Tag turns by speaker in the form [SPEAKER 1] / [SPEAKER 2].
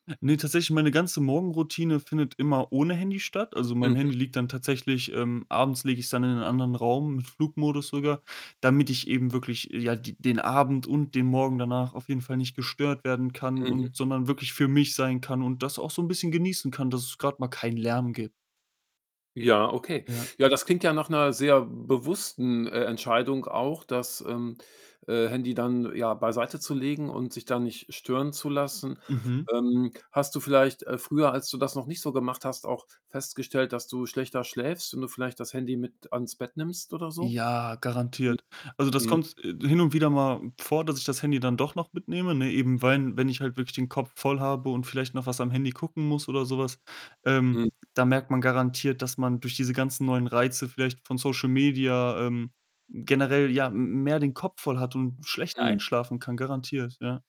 [SPEAKER 1] Ne, tatsächlich meine ganze Morgenroutine findet immer ohne Handy statt. Also, mein
[SPEAKER 2] Mhm.
[SPEAKER 1] Handy liegt dann tatsächlich, ähm abends lege ich's dann in einen anderen Raum mit Flugmodus sogar, damit ich eben wirklich, ja, d den Abend und den Morgen danach auf jeden Fall nicht gestört werden kann
[SPEAKER 2] Mhm.
[SPEAKER 1] und sondern wirklich für mich sein kann und das auch so 'n bisschen genießen kann, dass es grad mal keinen Lärm gib
[SPEAKER 2] Ja, okay.
[SPEAKER 1] Ja.
[SPEAKER 2] Ja, das klingt ja nach 'ner sehr bewussten, äh, Entscheidung auch, das, ähm, äh, Handy dann, ja, beiseitezulegen und sich da nicht stören zu lassen.
[SPEAKER 1] Mhm.
[SPEAKER 2] Ähm, hast du vielleicht, äh, früher, als du das noch nicht so gemacht hast, auch festgestellt, dass du schlechter schläfst und du vielleicht das Handy mit ans Bett nimmst oder so?
[SPEAKER 1] Ja,
[SPEAKER 2] Mhm,
[SPEAKER 1] garantiert. Also das
[SPEAKER 2] mhm.
[SPEAKER 1] kommt, äh, hin und wieder mal vor, dass ich das Handy dann doch noch mitnehme, ne? Eben
[SPEAKER 2] Mhm.
[SPEAKER 1] weil, wenn ich halt wirklich den Kopf voll habe und vielleicht noch was am Handy gucken muss oder so was, ähm,
[SPEAKER 2] Mhm.
[SPEAKER 1] da merkt man garantiert, dass man durch diese ganzen neuen Reize vielleicht von Social Media, ähm, generell, ja, m mehr den Kopf voll hat und schlechter
[SPEAKER 2] Mhm.
[SPEAKER 1] einschlafen kann. Garantiert, ja.